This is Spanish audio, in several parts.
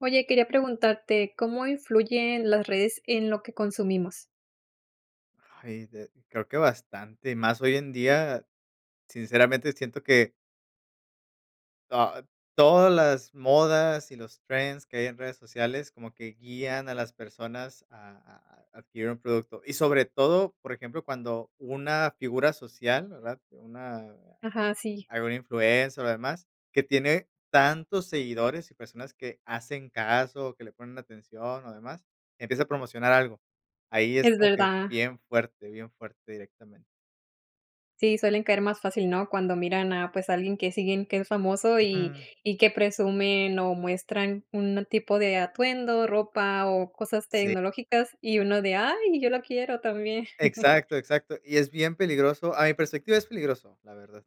Oye, quería preguntarte, ¿cómo influyen las redes en lo que consumimos? Ay, de creo que bastante y más hoy en día. Sinceramente, siento que ah, todas las modas y los trends que hay en redes sociales como que guían a las personas a a a, adquirir un producto y sobre todo, por ejemplo, cuando una figura social, ¿verdad? Una Ajá, sí. alguna influencer, o demás, que tiene tantos seguidores y personas que hacen caso, que le ponen atención, o demás, empieza a promocionar algo. Ahí es Es como que verdad. bien fuerte, bien fuerte directamente. Sí, suelen caer más fácil, ¿no? Cuando miran a, pues, a alguien que siguen que es famoso, y Ujú. y que presumen o muestran un tipo de atuendo, ropa o cosas Sí. tecnológicas y uno de: "Ay, yo lo quiero también". Exacto, exacto. Y es bien peligroso, a mi perspectiva, es peligroso, la verdad.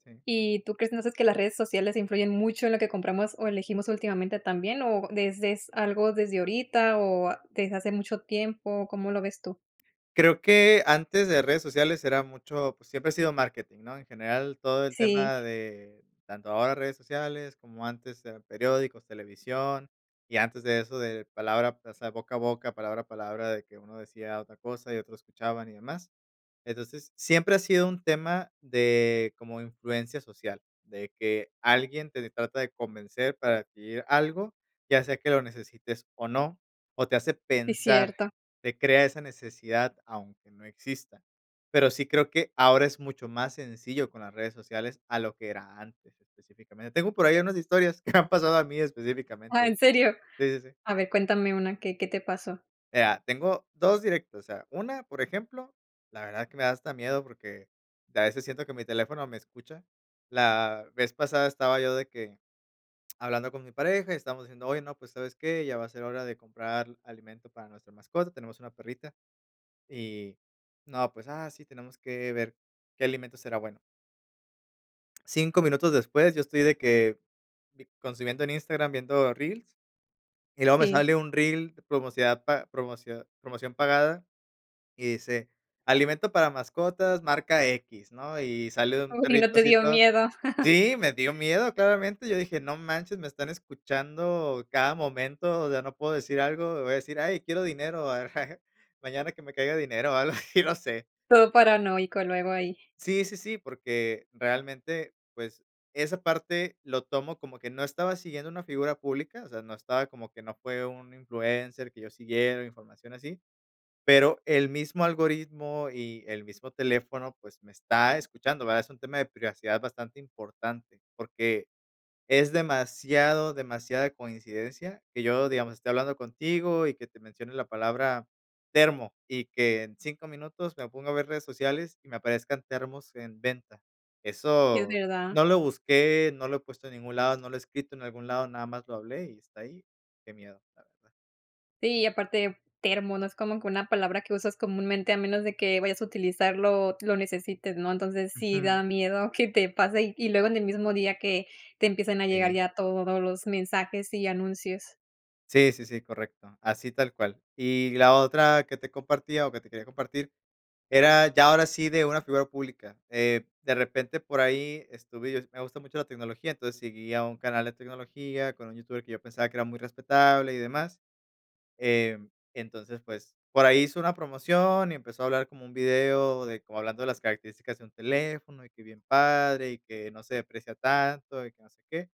Sí. Y tú crees, no sé, es que las redes sociales influyen mucho en lo que compramos o elegimos últimamente también, o ¿desde, algo desde ahorita, o, desde hace mucho tiempo? ¿Cómo lo ves tú? Creo que antes de redes sociales era mucho, pues, siempre ha sido marketing, ¿no? En general, todo el Sí. tema de tanto ahora redes sociales como antes era periódicos, televisión y antes de eso de palabra, o sea, boca a boca, palabra a palabra de que uno decía otra cosa y otros escuchaban y demás. Entonces siempre ha sido un tema de como influencia social, de que alguien te trata de convencer para adquirir algo, ya sea que lo necesites o no, o te hace Es pensar, cierto. te crea esa necesidad, aunque no exista. Pero sí creo que ahora es mucho más sencillo, con las redes sociales a lo que era antes, específicamente. Tengo por ahí unas historias que me han pasado a mí específicamente, Ah, de ¿en hecho, serio? sí, sí, sí. A ver, cuéntame una, ¿qué qué te pasó? Eh, ah, tengo 2 directos. O sea, una, por ejemplo, la verdad es que me da hasta miedo, porque a veces siento que mi teléfono me escucha. La vez pasada estaba yo de que hablando con mi pareja y estábamos diciendo: "Oye, no, pues, ¿sabes qué? Ya va a ser hora de comprar alimento para nuestra mascota". Tenemos una perrita y, no, pues ah, sí, tenemos que ver qué alimento será bueno. 5 minutos después, yo estoy de que consumiendo en Instagram, viendo reels. Y luego me Sí. sale un reel promocidad pa promocidad promoción pagada y dice: "Alimento para mascotas, marca equis", ¿no? Y sale un Uy, ¿y no perrito te así dio todo miedo? sí, me dio miedo claramente. Yo dije: "No manches, me están escuchando cada momento, o sea, no puedo decir algo, voy a decir "ay, quiero dinero, mañana que me caiga dinero o algo así, no sé". Todo paranoico, luego ahí. Sí, sí, sí, porque realmente, pues, esa parte lo tomo como que no estaba siguiendo una figura pública, o sea, no estaba como que no fue un influencer que yo siguiera información así, pero el mismo algoritmo y el mismo teléfono, pues, me está escuchando, ¿verdad? Es un tema de privacidad bastante importante, porque es demasiado demasiada coincidencia que yo, digamos, estoy hablando contigo y que te mencione la palabra termo y que en 5 minutos me pongo a ver redes sociales y me aparezcan termos en venta. Sí, es Eso verdad. no lo busqué, no lo he puesto en ningún lado, no lo he escrito en algún lado, nada más lo hablé y está ahí. Qué miedo, la verdad. Sí, aparte termo, no es como que una palabra que usas comúnmente a menos de que vayas a utilizarlo, o lo necesites, ¿no? Entonces sí da Ujú. miedo que te pase y luego, en el mismo día que te empiezan a llegar Sí. ya todos los mensajes y anuncios. Sí, sí, sí, correcto. Así tal cual. Y la otra que te compartía, o que te quería compartir, era ya ahora sí, de una figura pública, eh, de repente por ahí estuve y es me gusta mucho la tecnología. Entonces seguía a un canal de tecnología con un youtuber que yo pensaba que era muy respetable y demás, em, entonces, pues, por ahí hizo una promoción y empezó a hablar como un video de como hablando de las características de un teléfono y que bien padre y que no se deprecia tanto y que no sé qué.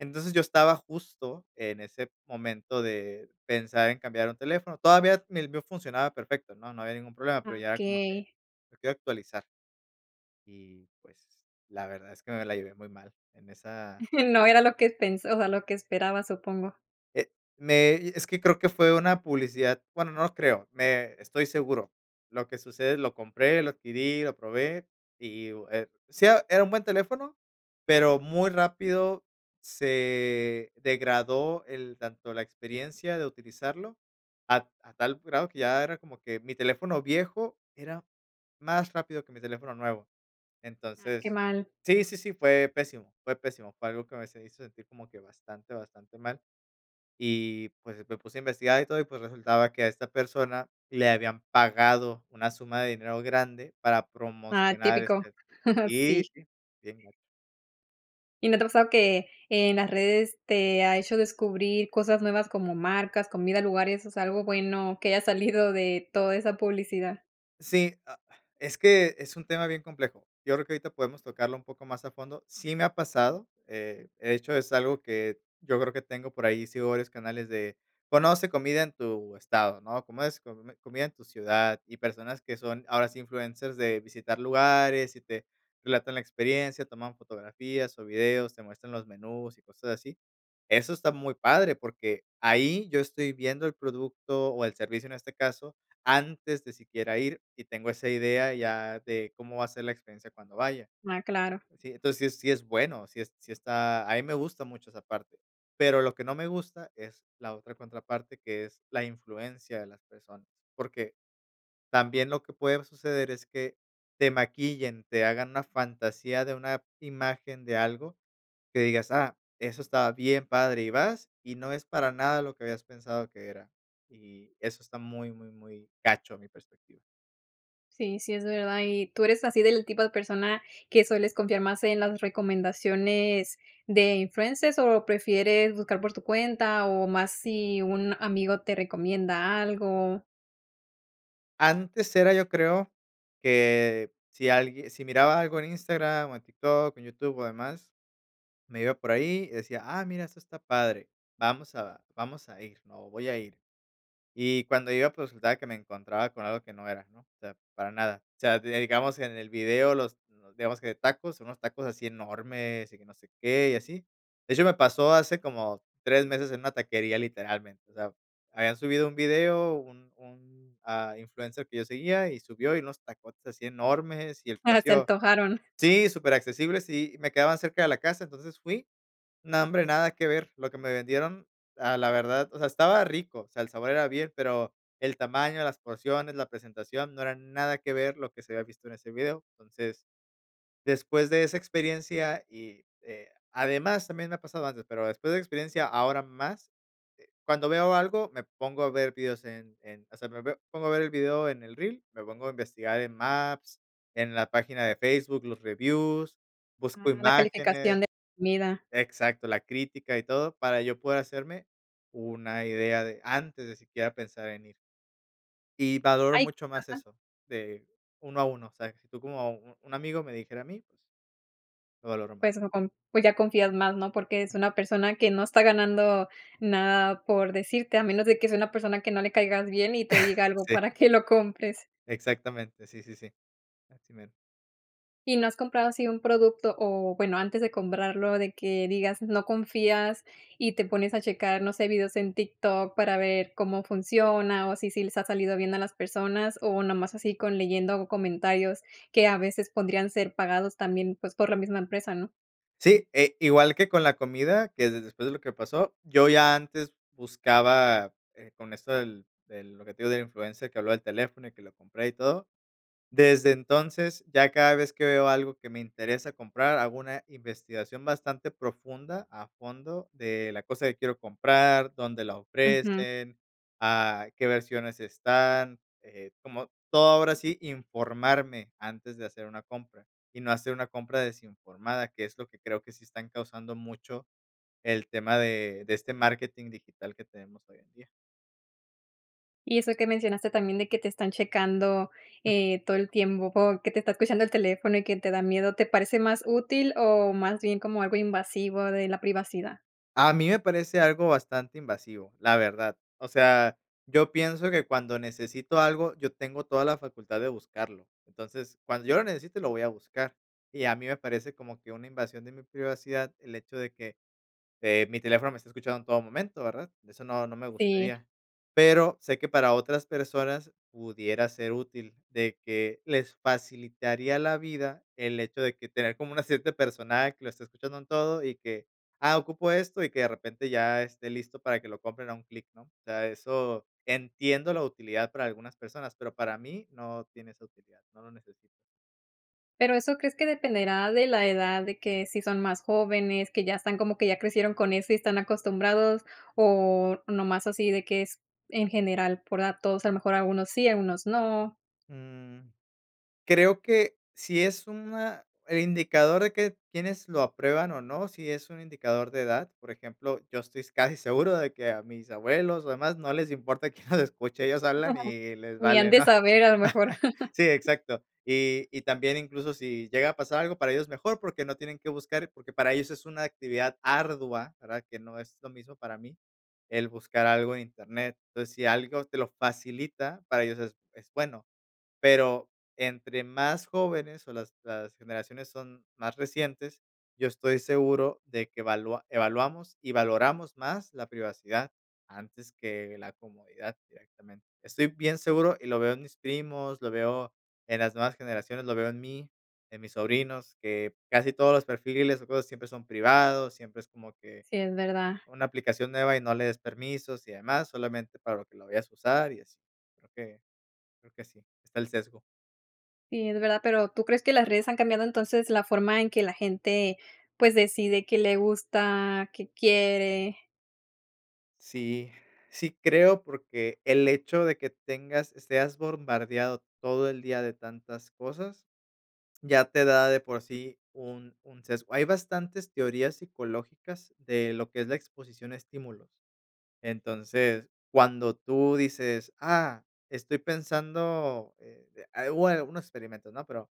Entonces, yo estaba justo en ese momento de pensar en cambiar un teléfono. Todavía el mío funcionaba perfecto, ¿no? No había ningún problema, pero, Ah, ya era como que okey. lo quiero actualizar y pues, la verdad es que me la llevé muy mal en esa No era lo que pensó a lo que esperabas, supongo. Eh, me es que creo que fue una publicidad, bueno, no lo creo me estoy seguro. Lo que sucede lo compré, lo adquirí, lo probé, y uh, eh, sí era era un buen teléfono, pero, muy rápido se degradó el tanto la experiencia de utilizarlo, a t a tal grado que ya era como que mi teléfono viejo era más rápido que mi teléfono nuevo. Ah, qué Entonces mal. sí, sí, sí, fue pésimo fue pésimo, fue algo que me se hizo sentir como que bastante, bastante mal, y pues, me puse a investigar y todo y pues resultaba que a esta persona, le habían pagado una suma de dinero grande, para Ah, promocionar, típico, este sí sí sí. sí, bien gacho. ¿Y no te ha pasado que, en las redes te ha hecho descubrir cosas nuevas como marcas, comida, lugares, o sea, algo bueno que haya salido de toda esa publicidad? Sí, ah, es que es un tema bien complejo, yo creo que ahorita podemos tocarlo un poco más a fondo, sí me ha pasado, eh, de hecho, es algo que yo creo que tengo por ahí, sigo varios canales de: "Conoce comida en tu estado", ¿no?, ¿cómo es?, com comida en tu ciudad y personas que son, ahora sí, influencers de visitar lugares y te relatan la experiencia, toman fotografías o videos, te muestran los menús y cosas así, eso está muy padre porque, ahí yo estoy viendo el producto o el servicio en este caso, antes de siquiera ir y tengo esa idea ya de cómo va a ser la experiencia cuando vaya, Ah, claro. ¿sí?, entonces sí sí, es bueno, sí sí está a mí me gusta mucho esa parte, pero lo que no me gusta es la otra contraparte que es la influencia de las personas, porque también lo que puede suceder es que te maquillen, te hagan una fantasía de una imagen de algo que digas: "Ah, eso está bien, padre", y vas y no es para nada lo que habías pensado que era, y eso está muy, muy, muy gacho a mi perspectiva. Sí, sí, es verdad. ¿Y tú eres así del tipo de persona que sueles confiar más en las recomendaciones de influencers o prefieres buscar por tu cuenta o más si un amigo te recomienda algo? Antes era yo creo que si alguie si miraba algo en Instagram o en TikTok, en YouTube o demás, me iba por ahí y decía "ah, mira, eso está padre, vamos a vamos a ir, ¿no?", o "voy a ir", y cuando iba, pues resultaba que me encontraba con algo que no era, ¿no? O sea, para nada. O sea, digamos en el video los los digamos que tacos, unos tacos así enormes y que no sé qué y así. De hecho, me pasó hace como 3 meses en una taquería literalmente, o sea, habían subido un video, un un ah, influencer que yo seguía y subió y unos tacotes así enormes y el Ala, se precio antojaron. sí, superaccesibles y me quedaban cerca de la casa. Entonces fui no hombre, nada que ver, lo que me vendieron, a la verdad, o sea, estaba rico, o sea, el sabor era bien, pero el tamaño, las porciones, la presentación no era nada que ver lo que se había visto en ese video, entonces después de esa experiencia y, eh además, también me ha pasado antes, pero después de esa experiencia ahora más, eh, cuando veo algo, me pongo a ver vídeos en en o sea, me veo pongo a ver el vídeo en el reel, me pongo a investigar en Maps, en la página de Facebook, los reviews, busco Ah, la calificación imágenes de comida. Exacto, la crítica y todo para yo poder hacerme una idea de antes de siquiera pensar en ir. Y valoro Ay, mucho más ajá. eso de uno a uno. O sea, si tú como u un amigo me dijera a mí, pues lo valoro más. Pues o con pues ya confías más, ¿no?, porque es una persona que no está ganando nada por decirte a menos de que sea una persona que no le caigas bien y te diga algo Sí. para que lo compres. Exactamente, sí, sí, sí. Así mero. ¿Y no has comprado así un producto, o bueno, antes de comprarlo de que digas no confías y te pones a checar, no sé, vídeos en TikTok para ver cómo funciona, o si sí les ha salido bien a las personas o nomás así con leyendo comentarios que a veces pondrían ser pagados también, pues, por la misma empresa, no? Sí, eh, igual que con la comida, que de después de lo que pasó, yo ya antes buscaba, eh, con esto del del lo que te digo del influencer, que habló del teléfono y que lo compré y todo, desde entonces, ya cada vez que veo algo que me interesa comprar, hago una investigación bastante profunda a fondo de la cosa que quiero comprar, dónde la Ujú. ofrecen, a qué versiones están, eh, como todo ahora sí, informarme antes de hacer una compra y no hacer una compra desinformada, que es lo que creo que sí están causando mucho el tema de de este marketing digital que tenemos hoy en día. Y eso que mencionaste también de que te están checando, Mm. eh, todo el tiempo que te está escuchando el teléfono y que te da miedo, ¿te parece más útil, o más bien como algo invasivo de la privacidad? A mí me parece algo bastante invasivo, la verdad, o sea, yo pienso que cuando necesito algo, yo tengo toda la facultad de buscarlo, entonces, cuando yo lo necesite, lo voy a buscar y a mí me parece como que una invasión de mi privacidad, el hecho de que, eh, mi teléfono me está escuchando en todo momento, ¿verdad?, eso no, no me Sí. gustaría, pero sé que para otras personas pudiera ser útil de que les facilitaría la vida el hecho de que tener como una cierta persona que lo esté escuchando en todo y que: "Ah, ocupo esto", y que de repente ya esté listo para que lo compren a un clic, ¿no?, o sea, eso entiendo la utilidad para algunas personas, pero para mí no tiene esa utilidad, no lo necesito. Pero, ¿eso crees que dependerá de la edad ,de que, si son más jóvenes, que ya están como que ya crecieron con eso y están acostumbrados o nada más así de que es en general por datos, a lo mejor algunos sí, algunos no? Mm, creo que si es una el indicador de que quiénes lo aprueban o no, si es un indicador de edad, por ejemplo, yo estoy casi seguro de que a mis abuelos o demás no les importa quién nos escuche ellos hablan y les ni han vale, ¿no?, de saber a lo mejor. sí, exacto, y y también incluso si llega a pasar algo para ellos es mejor porque no tienen que buscar, porque para ellos es una actividad ardua, ¿verdad?, que no es lo mismo para mí, el buscar algo en internet, entonces si algo te lo facilita, para ellos es es bueno pero entre más jóvenes o las las generaciones son más recientes, yo estoy seguro de que valua evaluamos y valoramos más la privacidad antes que la comodidad directamente, estoy bien seguro y lo veo en mis primos, lo veo en las nuevas generaciones, lo veo en mí, en mis sobrinos, que casi todos los perfiles o cosas siempre son privados, siempre es como que, Sí, es verdad. una aplicación nueva y no le des permisos y demás, solamente para que lo vayas a usar y así, creo que creo que sí, está el sesgo. Sí, es verdad. Pero, ¿tú crees que las redes han cambiado entonces la forma en que la gente, pues, decide qué le gusta, qué quiere? Sí, sí, creo, porque, el hecho de que tengas seas bombardeado todo el día de tantas cosas ya te da de por sí un un sesgo. Hay bastantes teorías psicológicas de lo que es la exposición a estímulos. Entonces cuando tú dices: "ah, estoy pensando", eh, a a algunos experimentos, ¿no? Pero,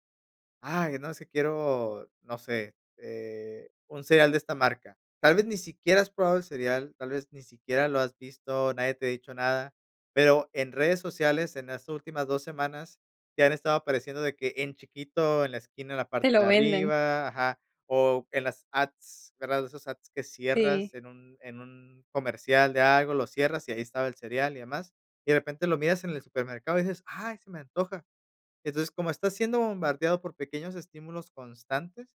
ay, no es que quiero no sé, eh, un cereal de esta marca, tal vez, ni siquiera has probado el cereal, tal vez ni siquiera lo has visto, nadie te ha dicho nada, pero, en redes sociales en las últimas dos semanas ya han estado apareciendo de que en chiquito en la esquina, en la Te parte lo de venden. arriba. Ajá. O en las ads, ¿verdad? Esos ads que cierras Sí. en un en un comercial de algo, lo cierras y ahí estaba el cereal y demás y de repente lo miras en el supermercado y dices: "ay, se me antoja". Entonces, como estás siendo bombardeado por pequeños estímulos constantes,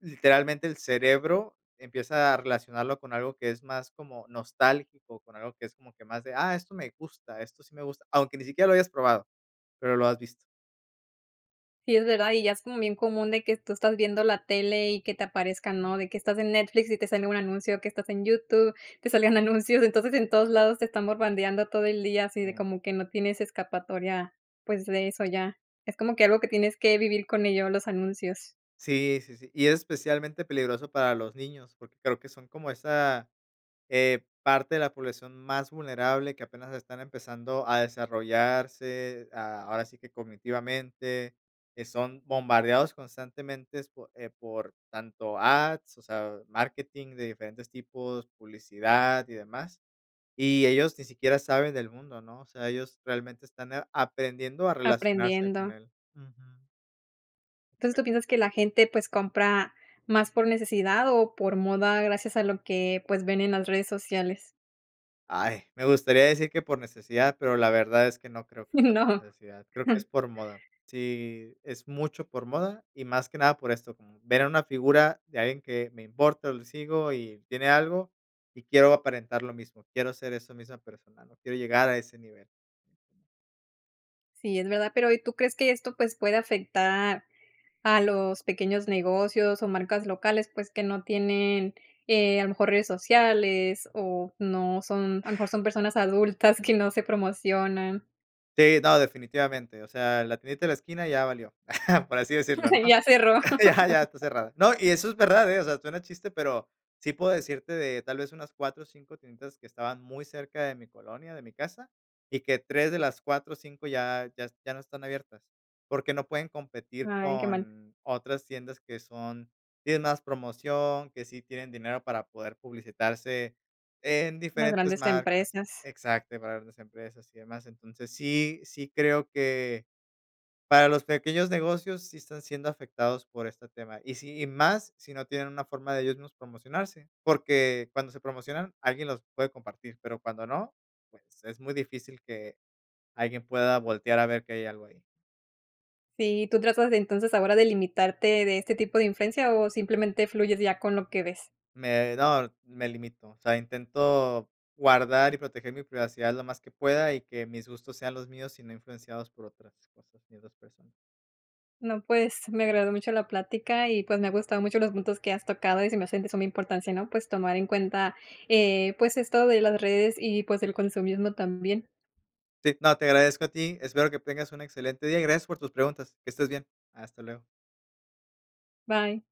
literalmente el cerebro empieza a relacionarlo con algo que es más como nostálgico, con algo que es como que más de: "Ah, esto me gusta, esto sí me gusta", aunque ni siquiera lo hayas probado, pero, lo has visto. Sí, es verdad, y ya es como bien común de que tú estás viendo la tele y que te aparezcan, ¿no?, de que estás en Netflix y te sale un anuncio, que estás en YouTube, te sale un anuncio, entonces en todos lados te están bombardeando todo el día así de Sí. como que no tienes escapatoria pues de eso ya, es como que algo que tienes que vivir con ello, los anuncios. Sí, sí, sí, y es especialmente peligroso para los niños, porque creo que son como esa, eh, parte de la población más vulnerable que apenas están empezando a desarrollarse, ah, ahora sí que cognitivamente, eh, son bombardeados constantemente po eh, por tanto ads, o sea, marketing de diferentes tipos, publicidad y demás y ellos ni siquiera saben del mundo, ¿no?, o sea, ellos realmente están a aprendiendo a relacionarse con Aprendiendo. él, ujú. Entonces, Exacto. ¿tú piensas que la gente pues compra más por necesidad o por moda gracias a lo que pues ven en las redes sociales? Ay, me gustaría decir que por necesidad, pero la verdad es que no creo que sea por No. necesidad, creo que es por moda, sí, es mucho por moda y más que nada por esto, como ver a una figura de alguien que me importa, o le sigo, y tiene algo y quiero aparentar lo mismo, quiero ser esa misma persona, ¿no?, quiero llegar a ese nivel. Sí, es verdad, pero, ¿y tú crees que esto, pues, puede afectar a los pequeños negocios o marcas locales?, pues, que no tienen, eh, a lo mejor redes sociales o no son a lo mejor son personas adultas Ujú. que no se promocionan. Sí, no, definitivamente, o sea, la tiendita de la esquina ya valió, por así decirlo, ¿no? Ya cerró. Ya, ya está cerrada, ¿no?, y eso es verdad, eh, o sea, suena chiste, pero, sí puedo decirte de tal vez, unas 4 o 5, tienditas que estaban muy cerca de mi colonia, de mi casa y que 3, de las 4 o 5, ya ya s ya no están abiertas, porque, no pueden competir Ay, qué mal. con otras tiendas que son tienen más promoción, que sí tienen dinero para poder publicitarse en Las diferentes grandes marcas empresas. Exacto, para grandes empresas y demás, entonces, sí, sí, creo que, para los pequeños negocios sí están siendo afectados por este tema, y sí, y más si no tienen una forma de ellos mismos promocionarse, porque, cuando se promocionan alguien los puede compartir, pero, cuando no, pues, es muy difícil que alguien pueda voltear a ver que hay algo ahí. Sí, ¿y tú tratas de entonces ahora de limitarte de este tipo de influencia, o simplemente fluyes ya con lo que ves? Me no me limito, o sea, intento guardar y proteger mi privacidad lo más que pueda y que mis gustos sean los míos y no influenciados por otras cosas, ni otras personas. No, pues, me agradó mucho la plática y, pues, me ha gustado mucho los puntos que has tocado y se me hacen de suma importancia, ¿no?, pues tomar en cuenta, eh, pues, esto de las redes y, pues, el consumismo también. Sí, no te agradezco a ti, espero que tengas un excelente día y gracias por tus preguntas, que estés bien, hasta luego. Bye.